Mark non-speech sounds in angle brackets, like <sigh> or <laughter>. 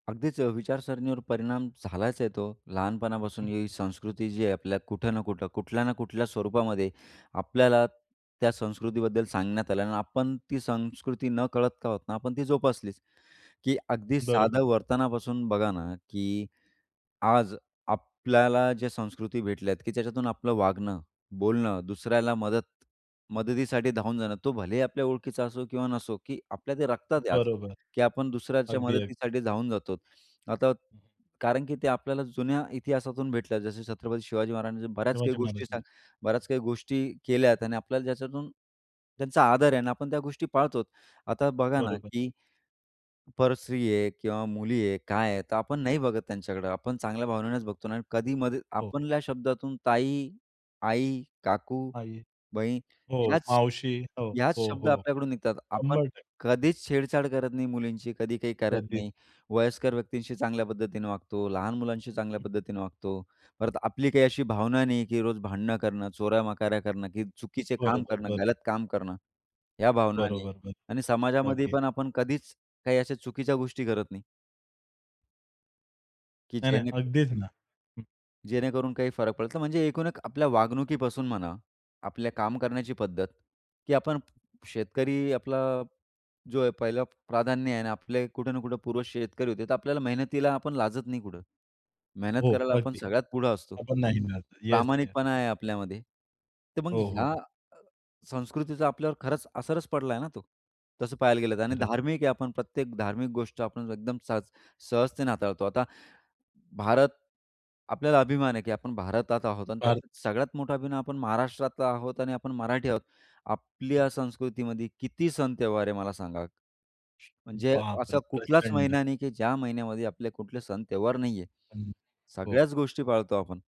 अगदीच अ, विचारसरणीवर परिणाम झालाच आहे तो. लहानपणापासून हं. ही संस्कृती जी आहे, आपल्या कुठं ना कुठं, कुठल्या ना कुठल्या स्वरूपामध्ये आपल्याला त्या संस्कृतीबद्दल सांगण्यात आलं आणि आपण ती संस्कृती नकळत का आहोत ना, आपण ती जोपासलीच. की अ, अगदी बरोबर. साधं वर्तनापासून बघा ना, की आज आपल्याला जे संस्कृती भेटल्या आहेत, की त्याच्यातून आपलं वागणं, बोलणं, दुसऱ्याला मदत मदतीसाठी धावून जाणं, तो भलेही आपल्या ओळखीचा असो किंवा नसो, की आपल्या ते रक्तात आहे आज. बरोबर. की आपण दुसऱ्याच्या अगदी, अगदी. मदतीसाठी धावून जातो आता, हं. कारण की ते आपल्याला जुन्या इतिहासातून भेटल्या. जसे छत्रपती शिवाजी महाराजांनी बऱ्याच काही शिवाजी गोष्टी महाराज ना. सा बऱ्याच काही गोष्टी केल्या आणि आपल्याला ज्याच्यातून त्यांचा आदर आहे आणि आपण त्या गोष्टी पाळतो. आता, बघा ना, बरोबर. की परस्त्री आहे किंवा मुली आहे, काय आहे, तर आपण नाही बघत त्यांच्याकडं. आपण चांगल्या भावनेनेच बघतो ना. कधीमध्ये हो, हो. आपल्या शब्दातून ताई, आई, काकू, आई. बहीण हो, याच मावशी हो, याच हो, शब्द हो. आपल्याकडून निघतात. आपण 100% कधीच छेडछाड करत नाही मुलींची, कधी काही करत कधीच नाही. वयस्कर व्यक्तींशी चांगल्या पद्धतीने वागतो, लहान मुलांशी चांगल्या हं. पद्धतीने वागतो. परत आपली काही अशी भावना नाही, की रोज भांडणं करणं, चोऱ्या-मकाऱ्या करणं की चुकीचे बरोबर, काम करणं, बरोबर. गलत काम करणं. या भावना नाही बरोबर, बरोबर. आणि समाजामध्ये अगदी. पण आपण कधीच काही अशा चुकीच्या गोष्टी करत नाही. की नाही, नाही. जेणे अगदीच ना. हं. जेणेकरून काही फरक पडल. म्हणजे एकूण एक आपल्या वागणुकीपासून म्हणा, आपल्या काम करण्याची पद्धत की आपण शेतकरी आपला जो आहे, पहिलं प्राधान्य आहे आणि आपले कुठे ना कुठे पूर्वज शेतकरी होते. तर आपल्याला मेहनतीला आपण लाजत नाही कुठे. मेहनत हो, करायला आपण अगदी. सगळ्यात पुढे असतो. आपण नाही ना आता. येस, येस, प्रामाणिकपणा येस. आहे आपल्यामध्ये. तर मग हो, ह्या हो. अ, संस्कृतीचा आपल्यावर खरंच असरच पडला ना तो, तसं पाहायला गेलं तर. आणि खरंच. धार्मिक आहे आपण. प्रत्येक धार्मिक गोष्ट आपण एकदम सहज-सहजतेने हाताळतो. आता भारत, आपल्याला अभिमान आहे, की आपण भारतात आहोत आणि <unintelligible> त्यात सगळ्यात मोठा अभिमान, आपण महाराष्ट्रातला आहोत आणि आपण मराठी आहोत. आपल्या संस्कृतीमध्ये किती सण-त्यौहार आहे, मला सांगा. म्हणजे बापरे! असं कुठलाच प्रचंड. महिना नाही, की ज्या महिन्यामध्ये आपले कुठले सण-त्यौहार नाहीये. हं, हो. सगळ्याच गोष्टी पाळतो आपण.